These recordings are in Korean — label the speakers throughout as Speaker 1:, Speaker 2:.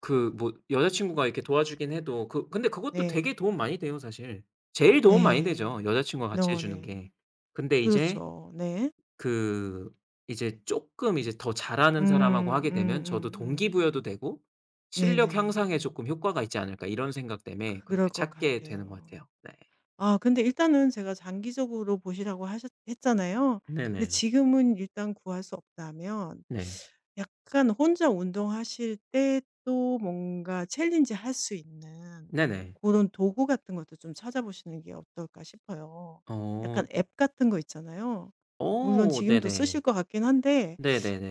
Speaker 1: 그 뭐 여자친구가 이렇게 도와주긴 해도 그 근데 그것도
Speaker 2: 네.
Speaker 1: 되게 도움 많이 돼요, 사실. 제일 도움 많이 되죠,
Speaker 2: 네.
Speaker 1: 여자친구가 같이 해
Speaker 2: 어
Speaker 1: 주는
Speaker 2: 네.
Speaker 1: 게. 근데 이제
Speaker 2: 그렇죠. 네.
Speaker 1: 그 이제 쪼끔 이제 더
Speaker 2: 음
Speaker 1: 잘하는 사람하고
Speaker 2: 음
Speaker 1: 하게 되면
Speaker 2: 음
Speaker 1: 저도
Speaker 2: 음 음
Speaker 1: 동기부여도 되고 실력
Speaker 2: 네네.
Speaker 1: 향상에 쪼끔 효과가 있지 않을까 이런 생각 때문에
Speaker 2: 그럴
Speaker 1: 그렇게
Speaker 2: 것
Speaker 1: 찾게 되는 것
Speaker 2: 같아요.
Speaker 1: 같아요. 네.
Speaker 2: 아 근데 일단은 제가 장기적으로 보시라고 하셨 했잖아요. 근데
Speaker 1: 네네.
Speaker 2: 지금은 일단 구할 수 없다면
Speaker 1: 네.
Speaker 2: 약간 혼자 운동하실 때 또 뭔가 챌린지 할 수 있는
Speaker 1: 네네.
Speaker 2: 고런 도구 같은 것도 좀 찾아보시는 게 어떨까 싶어요.
Speaker 1: 어.
Speaker 2: 약간 앱 같은 거 있잖아요. 물론
Speaker 1: 어
Speaker 2: 지금도 쓰실
Speaker 1: 네네.
Speaker 2: 것 같긴 한데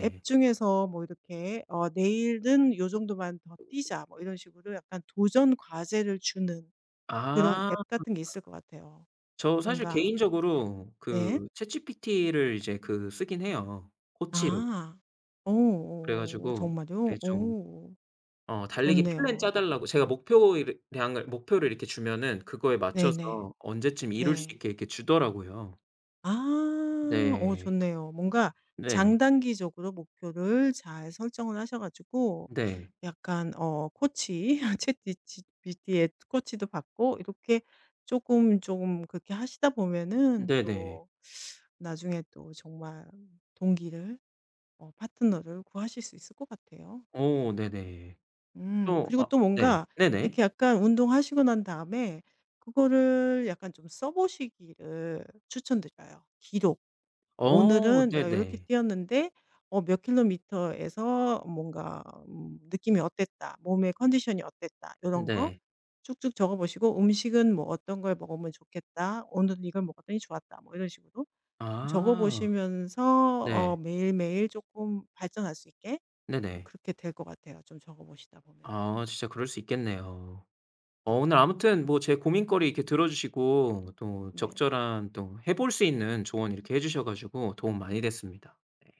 Speaker 2: 앱 중에서 뭐 이렇게 "어 내일은 요 정도만 더 뛰자." 뭐 이런 식으로 약간 도전 과제를 주는 그런
Speaker 1: 아.
Speaker 2: 앱 같은 게 있을 것 같아요.
Speaker 1: 저 사실
Speaker 2: 뭔가
Speaker 1: 개인적으로
Speaker 2: 네.
Speaker 1: 그 ChatGPT를 이제 그 쓰긴 해요, 코치로.
Speaker 2: 아. 어
Speaker 1: 그래
Speaker 2: 어 어
Speaker 1: 가지고 네
Speaker 2: 정말요?
Speaker 1: 좀
Speaker 2: 오.
Speaker 1: 어 달리기 플랜
Speaker 2: 좋네요.
Speaker 1: 짜 달라고 제가 목표 이렇 량을 목표를 이렇게 주면은 그거에 맞춰서
Speaker 2: 네네.
Speaker 1: 언제쯤 이룰 수
Speaker 2: 네.
Speaker 1: 있게 이렇게 주더라고요.
Speaker 2: 아. 어
Speaker 1: 네.
Speaker 2: 좋네요. 뭔가
Speaker 1: 네.
Speaker 2: 장단기적으로 목표를 잘 설정을 하셔 가지고
Speaker 1: 네.
Speaker 2: 약간 어 코치 이런 챗 비치 GPT의 코치도 받고 이렇게 쪼금, 쪼금 그렇게 하시다 보면은
Speaker 1: 네네.
Speaker 2: 또 나중에 또 정말 동기를 어 파트너를 구하실 수 있을 것 같아요.
Speaker 1: 오
Speaker 2: 예.
Speaker 1: 네네.
Speaker 2: 음
Speaker 1: 또
Speaker 2: 그리고
Speaker 1: 아
Speaker 2: 또
Speaker 1: 네.
Speaker 2: 뭔가
Speaker 1: 네네.
Speaker 2: 이렇게 약간 운동하시고 난 다음에 그거를 약간 좀 써보시기를 추천드려요. 기록.
Speaker 1: 어
Speaker 2: '오늘은 내가 요렇게
Speaker 1: 네네.
Speaker 2: 뛰었는데 어 몇 킬로미터에서 뭔가 음 느낌이 어땠다. 몸의 컨디션이 어땠다.' 요런 거
Speaker 1: 네.
Speaker 2: 쭉쭉 적어 보시고 '음식은 뭐 어떤 걸 먹으면 좋겠다. 오늘은 이걸 먹었더니 좋았다.' 뭐 이런 식으로 좀
Speaker 1: 아.
Speaker 2: 적어보시면서 어
Speaker 1: 네.
Speaker 2: 매일매일 쪼끔 발전할 수 있게
Speaker 1: 네네.
Speaker 2: 그렇게 될 것 같아요, 좀 적어 보시다 보면은.
Speaker 1: 아
Speaker 2: 네.
Speaker 1: 진짜 그럴 수 있겠네요. 어
Speaker 2: 네.
Speaker 1: 오늘 아무튼 뭐 제 고민거리 이렇게 들어주시고 또
Speaker 2: 네.
Speaker 1: 적절한 또 해 볼 수 있는 조언 이렇게 해 주셔 가지고 도움 많이 됐습니다. 네.